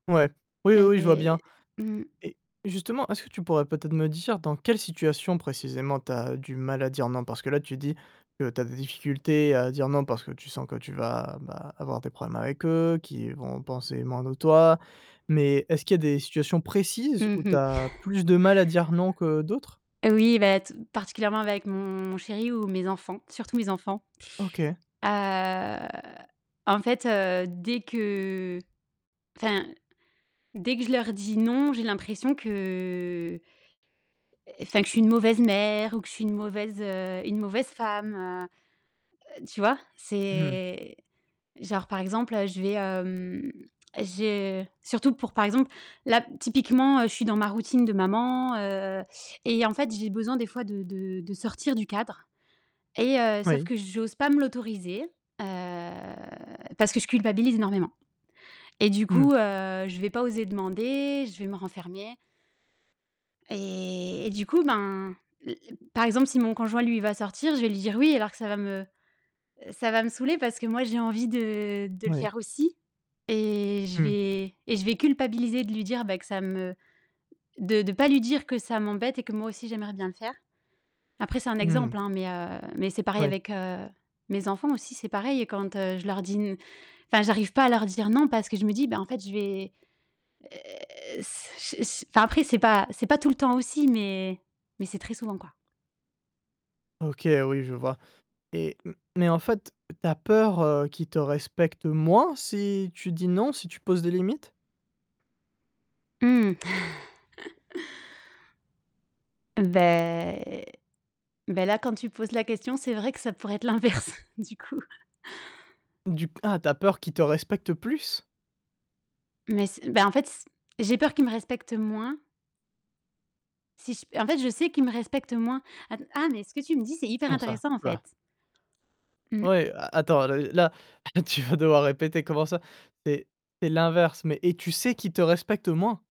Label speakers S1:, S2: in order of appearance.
S1: Ouais. Oui, oui,
S2: Elle
S1: oui, je vois bien.
S2: est mmh.
S1: Et justement, est-ce que tu pourrais peut-être me dire dans quelle situation précisément, tu as du mal à dire «non»? Parce que là, tu dis que tu as des difficultés à dire «non» parce que tu sens que tu vas vas avoir des problèmes avec eux, qu'ils vont penser moins de toi, mais est-ce qu'il y a des situations précises
S2: Mmh
S1: où tu
S2: mh.
S1: as plus de mal à dire «non» que d'autres?
S2: Oui bah, tout particulièrement avec mon chéri ou mes enfants, surtout mes enfants.
S1: OK.
S2: Heu, en fait heu, dès que enfin, dès que je leur dis «non», j'ai l'impression que enfin que je suis une mauvaise mère ou que je suis une mauvaise, heu, une mauvaise femme, heu, heu, tu vois?
S1: Mmh.
S2: C'est genre par exemple, heu, je vais, hem je surtout pour par exemple, là, typiquement, heu, je suis dans ma routine de maman, heu et en fait, j'ai besoin des fois de de de sortir du cadre et heu sauf
S1: Oui.
S2: que j'ose pas me l'autoriser. Heu, parce que je culpabilise énormément et du
S1: Mmh.
S2: coup, heu, je vais pas oser demander, je vais me renfermer et et du coup ben, l l par exemple si mon conjoint, lui, il va sortir, je vais lui dire «oui», alors que ça va me ça va me saouler. Parce que moi j'ai envie de de le
S1: Oui.
S2: faire aussi et je
S1: Mmh.
S2: vais et je vais culpabiliser de lui dire, bah, que ça me de de pas lui dire que ça m'embête et que moi aussi j'aimerais bien le faire. Après, c'est un
S1: Mmh mh.
S2: exemple, hein, mais heu, mais c'est pareil
S1: Moui.
S2: avec, heu, mes enfants aussi. C'est pareil et quand, heu, je leur dis n enfin, j'arrive pas à leur dire «non», parce que je me dis bah, en fait je vais heu, s ch s enfin après c'est pas c'est pas tout le temps aussi, mais mais c'est très souvent, quoi.
S1: OK oui, je vois. Et m mais en fait, tu as peur, heu, qu'ils te respectent moins si tu dis «non», si tu poses des limites?
S2: Mmh. Beh beh, là quand tu poses la question, c'est vrai que ça pourrait être l'inverse du coup.
S1: Du c ah tu as peur qu'ils te respectent plus?
S2: Mais c'est bah en fait s j'ai peur qu'ils me respectent moins si j en fait, je sais qu'ils me respectent moins. Att ah mais ce que tu me dis, c'est hyper
S1: Comment ça?
S2: intéressant, en
S1: Ouh là.
S2: fait. Mmh.
S1: Ouais, a attends là i là là tu vas devoir répéter. Comment ça? C'est c'est l'inverse, mais et tu sais qu'ils te respectent moins?